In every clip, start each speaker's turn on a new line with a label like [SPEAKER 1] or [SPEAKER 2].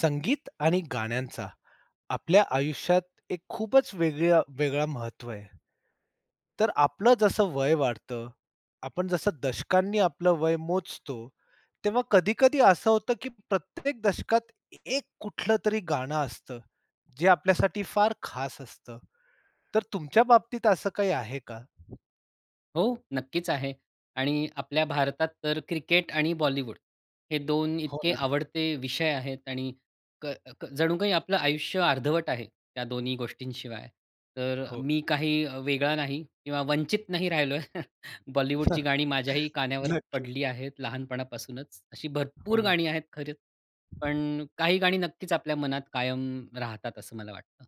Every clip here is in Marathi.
[SPEAKER 1] संगीत आणि गाण्यांचा, आपल्या आयुष्यात एक खूपच वेगळ वेगळं महत्त्व आहे. तर आपलं जसं वय वाढतं, आपण जसं दशकांनी आपलं वय मोजतो, तेव्हा कधी-कधी असं होतं, की प्रत्येक दशकात, 1 कुठलं तरी गाणं असतं, जे आपल्यासाठी फार खास असतं, तर तुमच्या बाबतीत असं काही आहे का?
[SPEAKER 2] हो, नक्कीच आहे. आणि आपल्या भारतात तर क्रिकेट आणि बॉलिवूड, हे 2
[SPEAKER 1] हो,
[SPEAKER 2] इतके
[SPEAKER 1] ना.
[SPEAKER 2] आवडते विषय आहेत आणि क क जणू काही आपलं आयुष्य अर्धवट आहे, त्या दोन्ही गोष्टींशिवाय. तर
[SPEAKER 1] हो.
[SPEAKER 2] मी काही वेगळा नाही किंवा वंचित नाही राहिलोय. बॉलिवूडची गाणी माझ्याही कानावर
[SPEAKER 1] नक्की.
[SPEAKER 2] पडली आहेत, लहानपणापासूनच. अशी
[SPEAKER 1] हो,
[SPEAKER 2] भरपूर
[SPEAKER 1] ना.
[SPEAKER 2] गाणी आहेत, खरचं पण काही गाणी नक्कीच आपल्या मनात कायम राहतात, असं मला वाटतं.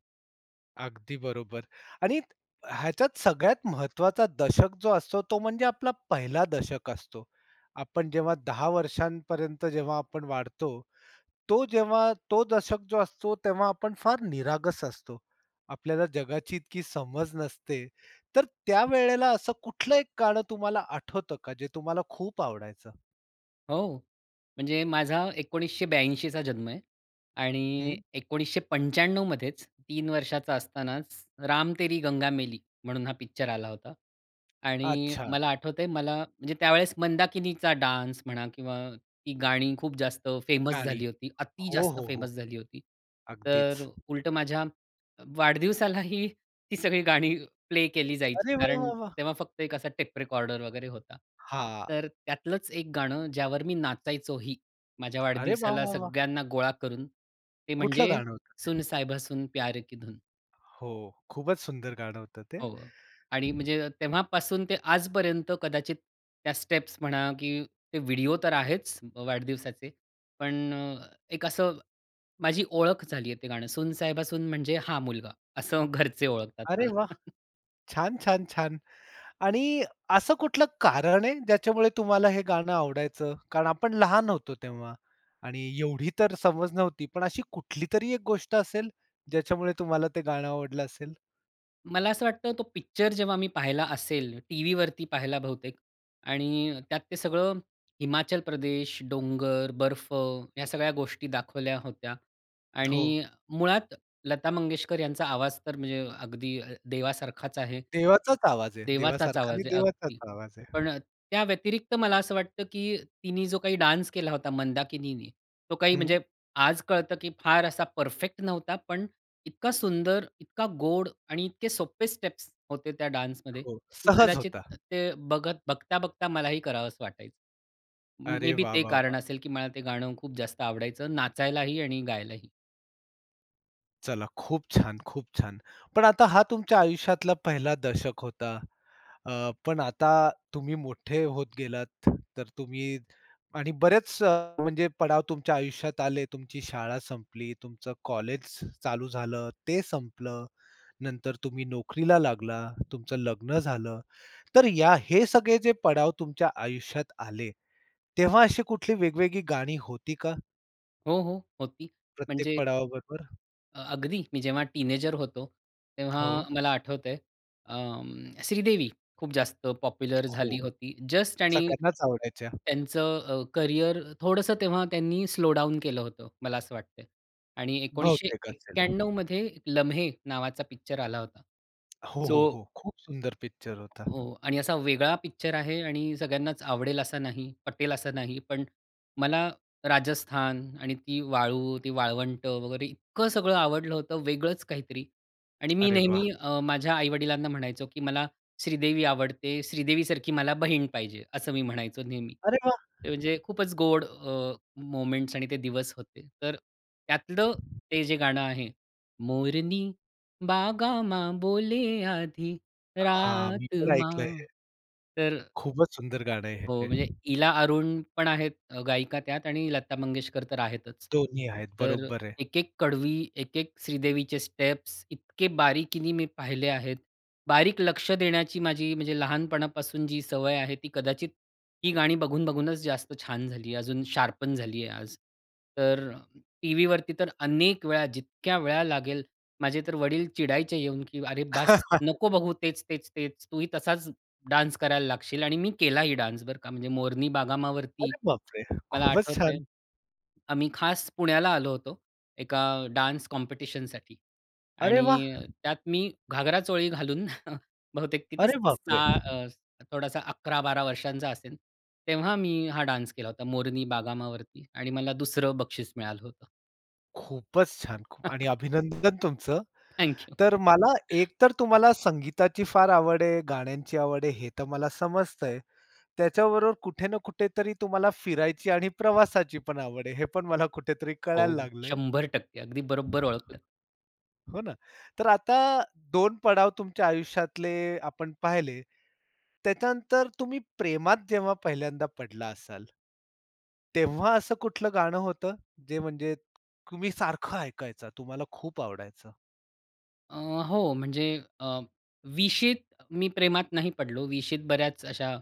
[SPEAKER 1] अगदी बरोबर. आणि ह्याच्यात सगळ्यात महत्त्वाचा दशक जो असतो, तो म्हणजे आपला 1ला दशक असतो. आपण जेव्हा 10 वर्षांपर्यंत जेव्हा आपण वाढतो, तो जेव्हा तो दशक जो असतो, तेव्हा आपण फार निरागस असतो, आपल्याला जगाची इतकी समज नसते, तर त्यावेळेला असं कुठलं एक गाणं तुम्हाला आठवतं का? जे तुम्हाला खूप आवडायचं.
[SPEAKER 2] हो. म्हणजे माझा 1982 चा जन्म आहे. आणि
[SPEAKER 1] हं.
[SPEAKER 2] 1995 मध्येच 3 वर्षाचा असतानाच राम तेरी गंगा मैली म्हणून हा पिक्चर आला होता. आणि
[SPEAKER 1] अच्छा!
[SPEAKER 2] मला आठवतंय मला म्हणजे त्यावेळेस मंदाकिनीचा डान्स म्हणा किंवा ती गाणी खूप जास्त फेमस
[SPEAKER 1] गाणी.
[SPEAKER 2] झाली होती. अति
[SPEAKER 1] हो,
[SPEAKER 2] जास्त
[SPEAKER 1] हो, हो.
[SPEAKER 2] फेमस झाली होती. तर
[SPEAKER 1] अगदीच.
[SPEAKER 2] उलटं माझ्या अ, वाढदिवसालाही ती सगळी गाणी प्ले केली जायची.
[SPEAKER 1] अरे वा!
[SPEAKER 2] कारण
[SPEAKER 1] वा! वा!
[SPEAKER 2] तेव्हा फक्त एक असा टेप रेकॉर्डर वगैरे होता.
[SPEAKER 1] हां.
[SPEAKER 2] तर त्यातलंच एक गाणं ज्यावर मी नाचायचोही माझ्या
[SPEAKER 1] अरे वा!
[SPEAKER 2] वाढदिवसाला
[SPEAKER 1] वा! वा!
[SPEAKER 2] सगळ्यांना गोळा करून ते
[SPEAKER 1] कुठलं
[SPEAKER 2] म्हणजे
[SPEAKER 1] गाणं होतं
[SPEAKER 2] सुन
[SPEAKER 1] ते?
[SPEAKER 2] साहिबा सुन प्यार की धुन.
[SPEAKER 1] हो. खूपच सुंदर गाणं होतं ते.
[SPEAKER 2] हो. आणि म्हणजे तेव्हापासून ते आजपर्यंत कदाचित त्या स्टेप्स म्हणा की ते व्हिडिओ तर आहेच अ, वाढदिवसाचे, पण अ, एक असं माझी ओळख झाली आहे, ते गाणं सून साहेबा सून म्हणजे हा मुलगा असं घरचे ओळखतात
[SPEAKER 1] अरे
[SPEAKER 2] मला.
[SPEAKER 1] वाह! छान! छान! छान! आणि असं कुठलं कारण आहे ज्याच्यामुळे तुम्हाला हे गाणं आवडायचं? कारण आपण लहान होतो तेव्हा आणि एवढी तर समज नव्हती, पण अशी कुठलीतरी एक गोष्ट असेल ज्याच्यामुळे तुम्हाला ते गाणं आवडलं असेल?
[SPEAKER 2] मला असं वाटतं, तो पिक्चर जेव्हा मी पाहिला असेल, टीव्हीवरती पाहिला बहुतेक. आणि त्यात ते सगळं, हिमाचल प्रदेश, डोंगर, बर्फ या सगळ्या गोष्टी दाखवल्या होत्या.
[SPEAKER 1] हो.
[SPEAKER 2] आणि मुळात लता मंगेशकर यांचा आवाज तर म्हणजे अगदी अ, देवासारखाच आहे.
[SPEAKER 1] देवाचाच आवाज आहे,
[SPEAKER 2] देवाचाच
[SPEAKER 1] देवासारखा नाही
[SPEAKER 2] आवाज आहे
[SPEAKER 1] देवाचाच
[SPEAKER 2] अगदी.
[SPEAKER 1] आवाज आहे.
[SPEAKER 2] पण अ, त्या व्यतिरिक्त मला असं वाटतं, की तिनी जो काही डान्स केला होता मंदाकिनीने, तो काही
[SPEAKER 1] हं.
[SPEAKER 2] म्हणजे, आज कळतं की फार असा परफेक्ट नव्हता, पण इतका सुंदर, इतका गोड आणि इतके सोप्पे स्टेप्स होते त्या डान्समध्ये
[SPEAKER 1] हो.
[SPEAKER 2] की
[SPEAKER 1] सहज
[SPEAKER 2] कदाचित
[SPEAKER 1] होता.
[SPEAKER 2] त ते बघत बघता-बघता मलाही करावंसं वाटायचं. म
[SPEAKER 1] अरे
[SPEAKER 2] मे बी
[SPEAKER 1] वाह!
[SPEAKER 2] ते
[SPEAKER 1] वाह! वाह!
[SPEAKER 2] कारण असेल, की मला ते गाणं खूप जास्त आवडायचं, नाचायलाही आणि गायलाही.
[SPEAKER 1] चला, खूप छान! खूप छान! पण आता हा तुमच्या आयुष्यातला पहिला दशक होता. अ, पण आता तुम्ही मोठे होत गेलात, तर तुम्ही [unintelligible] आणि बरेच अ, म्हणजे पडाव तुमच्या आयुष्यात आले. तुमची शाळा संपली, तुमचं कॉलेज स चालू झालं, ते संपलं. नंतर तुम्ही नोकरीला लागला, तुमचं लग्न झालं. तर या हे सगळे जे पडाव तुमच्या आयुष्यात आले, तेव्हा अशी कुठली वेगवेगळी गाणी होती का?
[SPEAKER 2] हो, हो. होती,
[SPEAKER 1] प्रत्येक
[SPEAKER 2] म्हणजे
[SPEAKER 1] पडावाबरोबर
[SPEAKER 2] अ अगदी. मी जेव्हा टिनयेजर होतो, तेव्हा
[SPEAKER 1] हो.
[SPEAKER 2] मला आठवतंय, अं, श्रीदेवी खूप जास्त पॉप्युलर
[SPEAKER 1] हो.
[SPEAKER 2] झाली होती, जस्ट आणि
[SPEAKER 1] सगळ्यांनाच आवडायच्या.
[SPEAKER 2] त्यांचं अ, करियर थोडंसं तेव्हा त्यांनी स्लो डाऊन केलं होतं, मला असं वाटत आहे. आणि एकोनीशे
[SPEAKER 1] बहुतेक असेल.
[SPEAKER 2] एक्याण्णव मध्ये ‘लम्हे’ नावाचा पिक्चर आला होता,
[SPEAKER 1] हो, हो,
[SPEAKER 2] जो
[SPEAKER 1] हो. खूप सुंदर पिक्चर होता.
[SPEAKER 2] हो. आणि असा वेगळा पिक्चर आहे आणि सगळ्यांनाचं आवडेल असा नाही, पटेल असा नाही. पण मला राजस्थान आणि ती वाळू, ती वाळवंट वगैरे, इतकं सगळं आवडलं होतं, वेगळंच काहीतरी. आणि मी
[SPEAKER 1] अरे वाह!
[SPEAKER 2] नेहमी अ, माझ्या आई-वडिलांना म्हणायचो, की "मला श्रीदेवी आवडते, श्रीदेवीसारखी मला बहीण पाहिजे," असं मी म्हणायचो नेहमी.
[SPEAKER 1] अरे वा!
[SPEAKER 2] ते म्हणजे खूपच गोड अ, मोमेंट्स आणि ते दिवस होते. तर त्यातलं ते जे गाणं आहे, मोरनी बागां मां बोले, आधी
[SPEAKER 1] हां. मी
[SPEAKER 2] रात
[SPEAKER 1] पण ऐकलय
[SPEAKER 2] मां
[SPEAKER 1] हे.
[SPEAKER 2] तर
[SPEAKER 1] खूपच सुंदर गाणं आहे,
[SPEAKER 2] हो. म्हणजे
[SPEAKER 1] हे.
[SPEAKER 2] इला अरुण पण आहेत अ, गायिका त्यात आणि लता मंगेशकर तर आहेतच.
[SPEAKER 1] दोन्ही आहेत,
[SPEAKER 2] तर
[SPEAKER 1] बरोबर आहे.
[SPEAKER 2] एकेक कडवी, एकेक श्रीदेवीचे स्टेप्स इतके बारीकीने मी पाहिले आहेत. बारीक लक्ष देण्याची माझी, म्हणजे लहानपणापासून जी सवय आहे, ती कदाचित ती गाणी बघून-बघूनच जास्त छान झाली, अजून शार्पन झाली आहे आज. तर टीव्हीवरती अनेक वेळा, जितक्या वेळा लागेल माझे तर वडील चिडायचे येऊन, की ‘अरे, बस! नको बघू तेच, तेच, तेच. तूही तसाच डान्स करायला लागशील.’ आणि मी केलाही डान्स बरं का! म्हणजे मोरनी बागां मां वरती
[SPEAKER 1] अरे बापरे,
[SPEAKER 2] मला
[SPEAKER 1] खूपच
[SPEAKER 2] आठवतं आहे.
[SPEAKER 1] छान!
[SPEAKER 2] आम्ही खास पुण्याला आलो होतो, एका डान्स कॉम्पिटिशनसाठी.
[SPEAKER 1] अरे वाह!
[SPEAKER 2] आणि त्यात मी घागरा-चोळी घालून, बहुतेक कितीस
[SPEAKER 1] अरे
[SPEAKER 2] सा
[SPEAKER 1] बापरे!
[SPEAKER 2] अ, थोडासा 11-12 वर्षांचा असेल तेव्हा, मी हा डान्स केला होता मोरनी बागां मां वरती. आणि मला दुसरं बक्षीस मिळालं होतं.
[SPEAKER 1] खूपच छान, खूप आणि अभिनंदन तुमचं.
[SPEAKER 2] Thank you.
[SPEAKER 1] तर मला एक तर तुम्हाला संगीताची फार आवड आहे, गाण्यांची आवड आहे, हे तर मला समजतंय. त्याच्याबरोबर कुठे ना कुठेतरी तुम्हाला फिरायची आणि प्रवासाची पण आवड आहे, हे पण मला कुठेतरी कळायला
[SPEAKER 2] हो,
[SPEAKER 1] लागलंय.
[SPEAKER 2] 100% अगदी बरोबर ओळखलं.
[SPEAKER 1] हो ना, तर आता 2 पडाव तुमच्या आयुष्यातले आपण पाहिले. त्याच्यानंतर तुम्ही प्रेमात जेव्हा पहिल्यांदा पडला असाल तेव्हा असं कुठलं गाणं होतं, जे म्हणजे तुम्ही सारखं ऐकायचा, तुम्हाला खूप आवडायचं.
[SPEAKER 2] अ, हो म्हणजे अ, 20शीत मी प्रेमात नाही पडलो, 20शीत बऱ्याच अशा,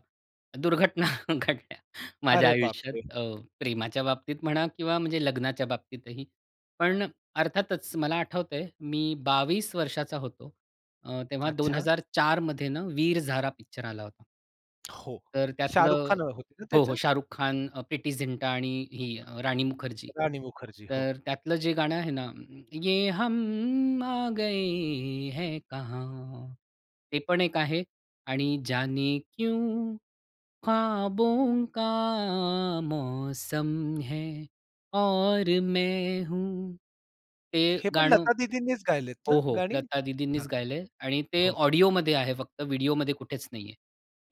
[SPEAKER 2] दुर्घटना घडल्या माझ्या
[SPEAKER 1] अरे
[SPEAKER 2] आयुष्यात.
[SPEAKER 1] बापरे!
[SPEAKER 2] अ, प्रेमाच्या बाबतीत म्हणा किंवा म्हणजे लग्नाच्या बाबतीतही. पण अर्थातच मला आठवतंय, मी 22 वर्षाचा होतो, अ, तेव्हा दोन
[SPEAKER 1] अच्छा.
[SPEAKER 2] हजार चारमध्ये ना, वीर झारा पिक्चर आला होता.
[SPEAKER 1] हो,
[SPEAKER 2] तर त्यातलं
[SPEAKER 1] शाहरुख खान ह होते ना
[SPEAKER 2] हो, हो.
[SPEAKER 1] त्याच्यात?
[SPEAKER 2] शाहरुख खान, प्रीटी झिंटा आणि ही राणी मुखर्जी.
[SPEAKER 1] राणी मुखर्जी, हो.
[SPEAKER 2] तर त्यातलं जे गाणं आहे ना, ये हम आ गए है कहाँ. ते पण एक आहे आणि जाने क्यों खाबों का मौसम है और मैं हूँ. ते
[SPEAKER 1] हे पण
[SPEAKER 2] गाणं
[SPEAKER 1] लता दीदींनीच गायलेत ना,
[SPEAKER 2] हो, हो.
[SPEAKER 1] गाणी?
[SPEAKER 2] लता
[SPEAKER 1] हां.
[SPEAKER 2] दीदींनीच गायलंय आणि ते
[SPEAKER 1] हो.
[SPEAKER 2] ऑडिओमध्ये आहे फक्त व्हिडिओमध्ये कुठेच नाही आहे.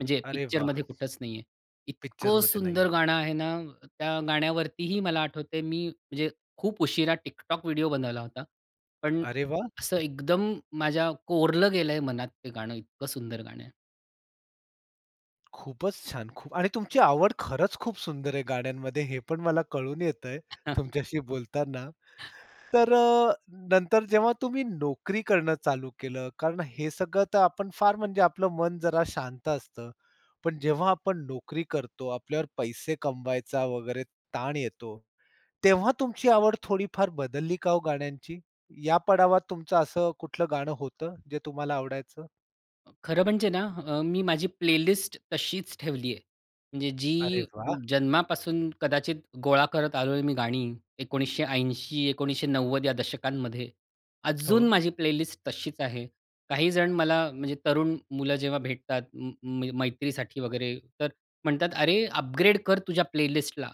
[SPEAKER 2] म्हणजे
[SPEAKER 1] अरे वाह!
[SPEAKER 2] पिक्चरमध्ये कुठंच नाही आहे. इतकं
[SPEAKER 1] पिक्चरमध्ये नाही आहे.
[SPEAKER 2] सुंदर गाणं आहे ना, अ, त्या गाण्यावरतीही मला आठवते मी म्हणजे खूप उशिरा TikTok व्हिडिओ बनवला होता. पण
[SPEAKER 1] अरे वाह!
[SPEAKER 2] असं एकदम माझ्या कोरलं गेलंय मनात, ते गाणं इतकं सुंदर गाणं आहे.
[SPEAKER 1] खूपच छान खूप आणि तुमची आवड खरंच खूप सुंदर आहे गाण्यांमध्ये हे पण मला कळून येतंय तुमच्याशी बोलताना. तर अ, नंतर जेव्हा तुम्ही नोकरी करणं चालू केलं कारण हे सगळं तर आपण फार म्हणजे आपलं मन जरा शांत असतं, पण जेव्हा आपण नोकरी करतो, आपल्यावर पैसे कमवायचा वगैरे ताण येतो, तेव्हा तुमची आवड थोडीफार बदलली का हो गाण्यांची? या पडावात तुमचं असं कुठलं गाणं होतं जे तुम्हाला आवडायचं?
[SPEAKER 2] अ, खरं म्हणजे ना अ, मी माझी प्लेलिस्ट तशीच ठेवली आहे. म्हणजे
[SPEAKER 1] अरे
[SPEAKER 2] जी
[SPEAKER 1] वाह!
[SPEAKER 2] जन्मापासून कदाचित गोळा करत आलोय मी गाणी 1980-1990 या दशकांमध्ये. अजून
[SPEAKER 1] हो.
[SPEAKER 2] माझी प्लेलिस्ट तशीच आहे. काही जण मला म्हणजे तरुण मुलं जेव्हा भेटतात उंम, उंम, मैत्रीसाठी वगैरे तर म्हणतात "अरे अपग्रेड कर तुझ्या प्लेलिस्टला."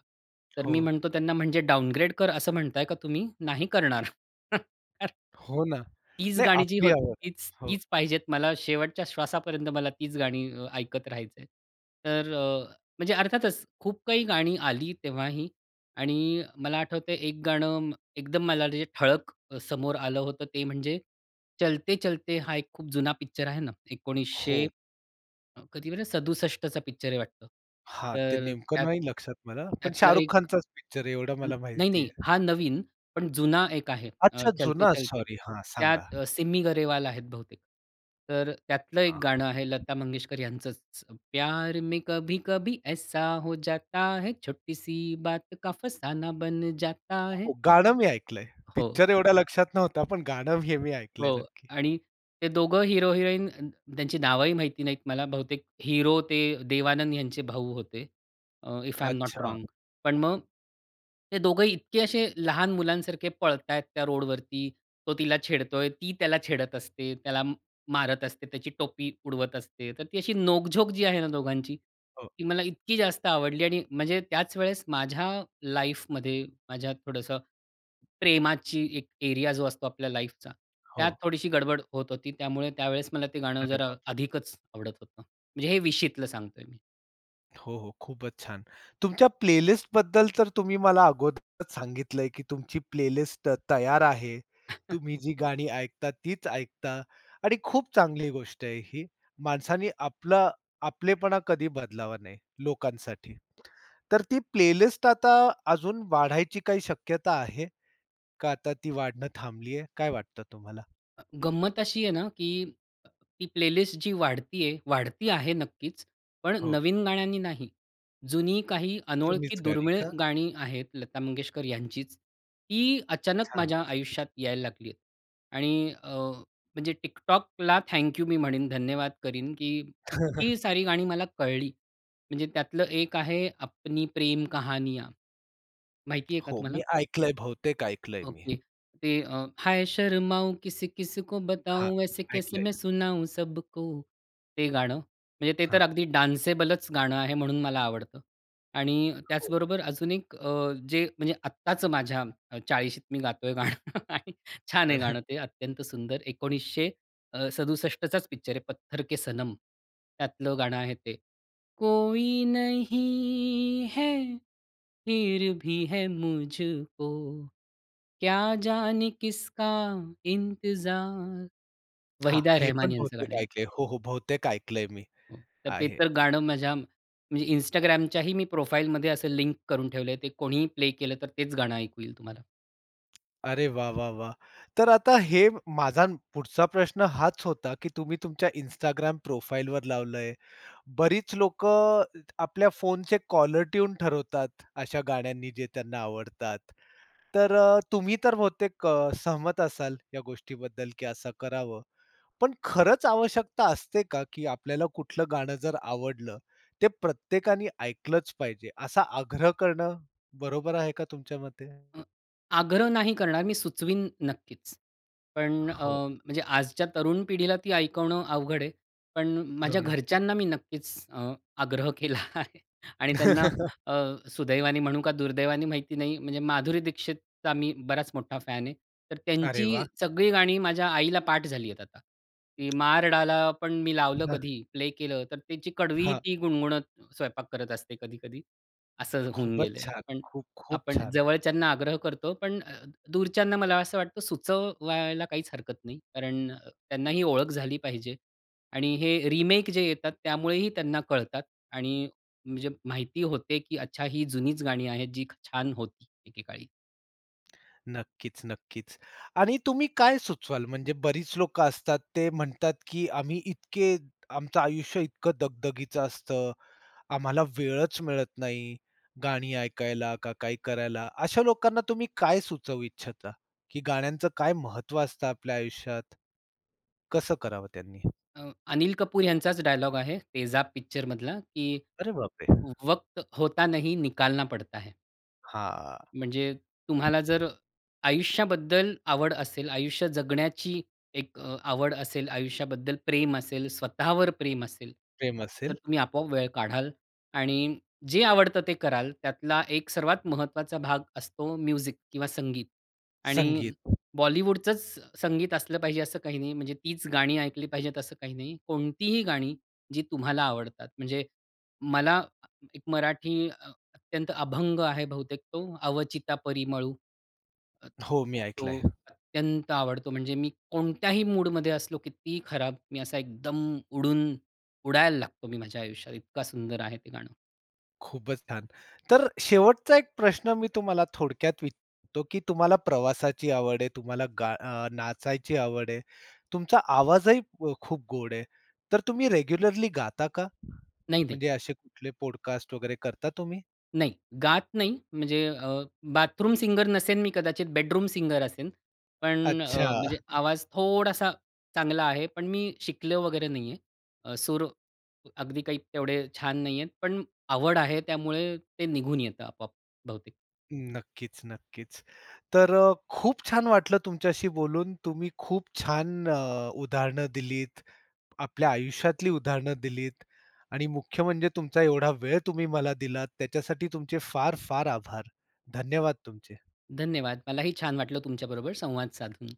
[SPEAKER 2] तर मी
[SPEAKER 1] हो.
[SPEAKER 2] म्हणतो त्यांना "म्हणजे डाउनग्रेड कर असं म्हणताय का तुम्ही? नाही करणार."
[SPEAKER 1] हो, ना.
[SPEAKER 2] तीच
[SPEAKER 1] नाही
[SPEAKER 2] गाणी जी
[SPEAKER 1] आपली
[SPEAKER 2] होती,
[SPEAKER 1] आवड. हो.
[SPEAKER 2] तीच-तीच पाहिजेत मला शेवटच्या श्वासापर्यंत मला तीच गाणी ऐकत राहायचं आहे. तर, म्हणजे अर्थातच, खूप काही गाणी आली तेव्हाही आणि मला आठवतंय 1 गाणं एकदम मला जे ठळक समोर आलं होतं ते म्हणजे, चलते चलते हा एक खूप जुना पिक्चर आहे ना 1900
[SPEAKER 1] हो.
[SPEAKER 2] अ, कधीबर 67 पिक्चर आहे वाटतं.
[SPEAKER 1] हां, ते
[SPEAKER 2] तर
[SPEAKER 1] नेमकं
[SPEAKER 2] त्यात
[SPEAKER 1] नाही लक्षात मला. पण
[SPEAKER 2] त्यातला
[SPEAKER 1] शाहरुख
[SPEAKER 2] 1
[SPEAKER 1] खानचाच पिक्चर आहे एवढं मला माहिती
[SPEAKER 2] नाही-नाही
[SPEAKER 1] आहे.
[SPEAKER 2] हा नवीन पण जुना 1 आहे
[SPEAKER 1] अच्छा
[SPEAKER 2] चलते
[SPEAKER 1] जुना
[SPEAKER 2] चलते.
[SPEAKER 1] सॉरी, हां, सांगा.
[SPEAKER 2] त्यात सिमी गरेवाल आहेत बहुतेक. तर त्यातलं 1
[SPEAKER 1] हां.
[SPEAKER 2] गाणं आहे लता मंगेशकर यांचंच. प्यार में कभी कभी ऐसा हो जाता है, छोटी सी बात का फसाना बन जाता है.
[SPEAKER 1] गाणं मी ऐकलंय.
[SPEAKER 2] हो.
[SPEAKER 1] पिक्चर एवढ्या लक्षात नव्हता, पण गाणं हे मी ऐकलंय
[SPEAKER 2] हो,
[SPEAKER 1] नक्की.
[SPEAKER 2] आणि ते दोघं हीरो-हिरोईन अ, त्यांची नावंही माहिती नाहीत मला बहुतेक हीरो ते देवानंद यांचे भाऊ होते, अ, इफ आय एम नॉट
[SPEAKER 1] अच्छा.
[SPEAKER 2] रॉंग पण मग, हे दोघंही इतके असे लहान मुलांसारखे पळतायेत त्या रोडवरती, तो तिला छेडतोय, ती त्याला छेडत असते, त्याला मारत असते, त्याची टोपी उडवत असते, तर ती अशी नोक-झोक जी आहे ना दोघांची,
[SPEAKER 1] हो.
[SPEAKER 2] ती मला इतकी जास्त आवडली आणि म्हणजे त्याच वेळेस माझ्या लाईफमध्ये माझ्या थोडंसं प्रेमाची एक एरिया जो असतो आपल्या लाईफचा त्यात
[SPEAKER 1] हो.
[SPEAKER 2] थोडीशी गडबड होत होती, त्यामुळे त्यावेळेस मला ते गाणं
[SPEAKER 1] अरे
[SPEAKER 2] जरा
[SPEAKER 1] बापरे.
[SPEAKER 2] अधिकच आवडत होतं. म्हणजे हे 20शी तल सांगतोय मी.
[SPEAKER 1] हो, हो. खूपच छान. तुमच्या प्लेलिस्टबद्दल तर तुम्ही मला अगोदरच सांगितलंय, की तुमची प्लेलिस्ट त तयार आहे. तुम्ही जी गाणी ऐकता, तीच ऐकता. आणि खूप चांगली गोष्ट आहे ही. माणसांनी आपलं आपलेपणा कधी बदलावा नाही, लोकांसाठी. तर ती प्लेलिस्ट आता अजून वाढायची काही शक्यता आहे? का आता ती वाढणं थांबली आहे? काय वाटतं तुम्हाला?
[SPEAKER 2] अ, गंमत अशी आहे ना, की अ, ती प्लेलिस्ट जी वाढती आहे, वाढती आहे, नक्कीच. पण
[SPEAKER 1] हो.
[SPEAKER 2] नवीन गाण्यांनी नाही. जुनी काही अनोळखी,
[SPEAKER 1] जुनीच गाणी
[SPEAKER 2] दुर्मिळ
[SPEAKER 1] का?
[SPEAKER 2] गाणी आहेत, लता मंगेशकर यांचीच. ती अचानक
[SPEAKER 1] छान.
[SPEAKER 2] माझ्या
[SPEAKER 1] [unintelligible]
[SPEAKER 2] आयुष्यात यायला लागली आहेत. आणि अ, म्हणजे TikTokला थँक्यू मी म्हणेन, धन्यवाद करीन, की इतकी सारी गाणी मला कळली, म्हणजे त्यातलं एक आहे, अपनी प्रेम कहानियाँ माहिती आहे का
[SPEAKER 1] हो,
[SPEAKER 2] तुम्हाला?
[SPEAKER 1] मी ऐकलंय, बहुतेक ऐकलंय मी हे.
[SPEAKER 2] ओके. ते अ, हाय शर्माऊ किसी-किसी को
[SPEAKER 1] हां,
[SPEAKER 2] बताऊ, ऐसे कैसे मैं
[SPEAKER 1] ऐकलंय.
[SPEAKER 2] सुनाऊं सबको ते गाणं. म्हणजे ते तर
[SPEAKER 1] हां.
[SPEAKER 2] अगदी डान्सेबलच गाणं आहे, म्हणून मला आवडतं आणि
[SPEAKER 1] हो.
[SPEAKER 2] त्याचबरोबर अजून एक अ, जे, म्हणजे आत्ताच माझ्या 40शीत मी गातोय गाणं आणि छान आहे
[SPEAKER 1] अरे!
[SPEAKER 2] गाणं ते अत्यंत सुंदर 1900 अ, 67चाच पिक्चर आहे, पत्थर के सनम, त्यातलं गाणं आहे ते. कोई नहीं है, फिर भी है मुझको, क्या जाने किसका इंतजार
[SPEAKER 1] हां.
[SPEAKER 2] वहिदा
[SPEAKER 1] हे
[SPEAKER 2] रहमान
[SPEAKER 1] पण
[SPEAKER 2] यांचं गाणं
[SPEAKER 1] बहुतेक
[SPEAKER 2] आहे.
[SPEAKER 1] ऐकलंय. हो, हो. बहुतेक ऐकलंय मी.
[SPEAKER 2] हो. तर ते
[SPEAKER 1] आहे.
[SPEAKER 2] तर गाणं माझ्या म्हणजे Instagramच्याही मी प्रोफाइलमध्ये असं लिंक करून ठेवलंय, ते कोणीही प्ले केलं, तर तेच गाणं ऐकू येईल तुम्हाला.
[SPEAKER 1] अरे वाह! वाह! वाह! तर आता हे माझा पुढचा प्रश्न हाच होता, की तुम्ही तुमच्या Instagram प्रोफाईलवर लावलंय. बरीच लोकं इत आपल्या फोनचे कॉलर ट्यून ठरवतात अशा गाण्यांनी जे त्यांना आवडतात. तर तुम्ही तर अ, बहुतेक अ, सहमत असाल, या गोष्टीबद्दल की असं करावं? पण खरंच आवश्यकता असते का? की आपल्याला कुठलं गाणं जर आवडलं, ते प्रत्येकाने ऐकलंच पाहिजे, असा आग्रह करणं बरोबर आहे का तुमच्या मते?
[SPEAKER 2] अ आग्रह नाही करणार मी सुचवीन नक्कीच. पण अ,
[SPEAKER 1] हो.
[SPEAKER 2] म्हणजे आजच्या तरुण पिढीला ती ऐकवणं अवघड आहे. पण माझ्या
[SPEAKER 1] दोन
[SPEAKER 2] घरच्यांना मी नक्कीच अ, आग्रह केला आहे. आणि त्यांना अ, सुदैवाने म्हणू का, दुर्दैवाने माहिती नाही. म्हणजे माधुरी दीक्षितचा मी बराच मोठा फॅन आहे, तर
[SPEAKER 1] अरे
[SPEAKER 2] त्यांची
[SPEAKER 1] वाह!
[SPEAKER 2] सगळी गाणी माझ्या आईला पाठ झाली आहेत आता. ती मार डाला पण मी लावलं
[SPEAKER 1] हां.
[SPEAKER 2] कधी, प्ले केलं, तर त्याची कडवी
[SPEAKER 1] हां.
[SPEAKER 2] ती गुणगुणत स्वयंपाक करत असते कधी-कधी, असं होऊन
[SPEAKER 1] खूपच
[SPEAKER 2] गेलंय.
[SPEAKER 1] छान.
[SPEAKER 2] पण
[SPEAKER 1] खूप, खूप
[SPEAKER 2] आपण
[SPEAKER 1] छान.
[SPEAKER 2] जवळच्यांना आग्रह करतो, पण अ, दूरच्यांना मला असं वाटतं, सुचवायला काहीच हरकत नाही. कारण अ, त्यांना ही ओळख झाली पाहिजे. आणि हे रिमेक जे येतात, त्यामुळेही त्यांना कळतात आणि म्हणजे माहिती होते, की अच्छा ही जुनीच गाणी आहेत, जीक छान होती एकेकाळी.
[SPEAKER 1] -नक्कीच-नक्कीच. आणि तुम्ही काय सुचवाल म्हणजे बरीच लोकं असतात ते म्हणतात की "आम्ही इतके आमचं आयुष्य इतकं दगदगीचं असतं. आम्हाला वेळच मिळत नाही गाणी ऐकायला का काय करायला" अशा लोकांना तुम्ही काय सुचवू इच्छिता? की गाण्यांचं काय महत्त्व असतं आपल्या आयुष्यात? कसं करावं त्यांनी?
[SPEAKER 2] अ, अनिल कपूर यांचाच डायलॉग आहे. 'तेजाब' पिक्चर मधला, की
[SPEAKER 1] अरे बाप रे!
[SPEAKER 2] "वक्त होता नही, निकालना पडता आहे."
[SPEAKER 1] हां.
[SPEAKER 2] म्हणजे तुम्हाला जर, आयुष्याबद्दल आवड असेल, आयुष्य जगण्याची एक अ, आवड असेल, आयुष्याबद्दल प्रेम असेल, स्वतःवर प्रेम असेल,
[SPEAKER 1] प्रेम
[SPEAKER 2] तर
[SPEAKER 1] असेल.
[SPEAKER 2] तुम्ही आपोआप वेळ काढाल आणि जे आवडतं ते कराल, त्यातला एक सर्वात महत्त्वाचा भाग असतो म्युझिक किंवा संगीत. आणि
[SPEAKER 1] संगीत.
[SPEAKER 2] बॉलिवूडचच संगीत असलं पाहिजे असं काही नाही. म्हणजे तीच गाणी ऐकली पाहिजेत असं काही नाही. कोणतीही गाणी जी तुम्हाला आवडतात म्हणजे, मला एक मराठी अत्यंत अभंग आहे बहुतेक तो 'अवचिता परिमळू'.
[SPEAKER 1] हो, मी
[SPEAKER 2] तो
[SPEAKER 1] ऐकलंय.
[SPEAKER 2] अत्यंत आवडतो म्हणजे मी कोणत्याही मूडमध्ये असलो कितीही खराब मी असा एकदम उडून उडायला लागतो मी माझ्या आयुष्यात इतका सुंदर आहे ते गाणं.
[SPEAKER 1] खूपच छान! तर शेवटचा 1 प्रश्न मी तुम्हाला थोडक्यात विचारतो, की तुम्हाला प्रवासाची आवड आहे, तुम्हाला गा अ, नाचायची आवड आहे, तुमचा आवाजही खूप गोड आहे, तर तुम्ही रेग्युलरली गाता का?
[SPEAKER 2] नाही-नाही.
[SPEAKER 1] म्हणजे असे कुठले पॉडकास्ट वगैरे करता तुम्ही?
[SPEAKER 2] नाही गात नाही, म्हणजे अ, बाथरूम सिंगर नसेन मी कदाचित बेडरूम सिंगर असेन पण अ,
[SPEAKER 1] अच्छा!
[SPEAKER 2] म्हणजे आवाज थोडासा चांगला आहे, पण मी शिकलो वगैरे नाही आहे. सूर अगदी काही तेवढे छान नाही आहेत. पण आवड आहे, त्यामुळे ते निघून येतं आपोआप. बहुतेक.
[SPEAKER 1] नक्कीच-नक्कीच. तर अ, खूप छान वाटलं तुमच्याशी बोलून. तुम्ही खूप छान अ, उदाहरणं दिलीत आपल्या आयुष्यातली उदाहरणं दिलीत आणि मुख्य म्हणजे तुमचा एवढा वेळ तुम्ही मला दिलात, त्याच्यासाठी तुमचे फार-फार आभार. धन्यवाद तुमचे.
[SPEAKER 2] धन्यवाद. मलाही छान वाटलं तुमच्याबरोबर संवाद साधून.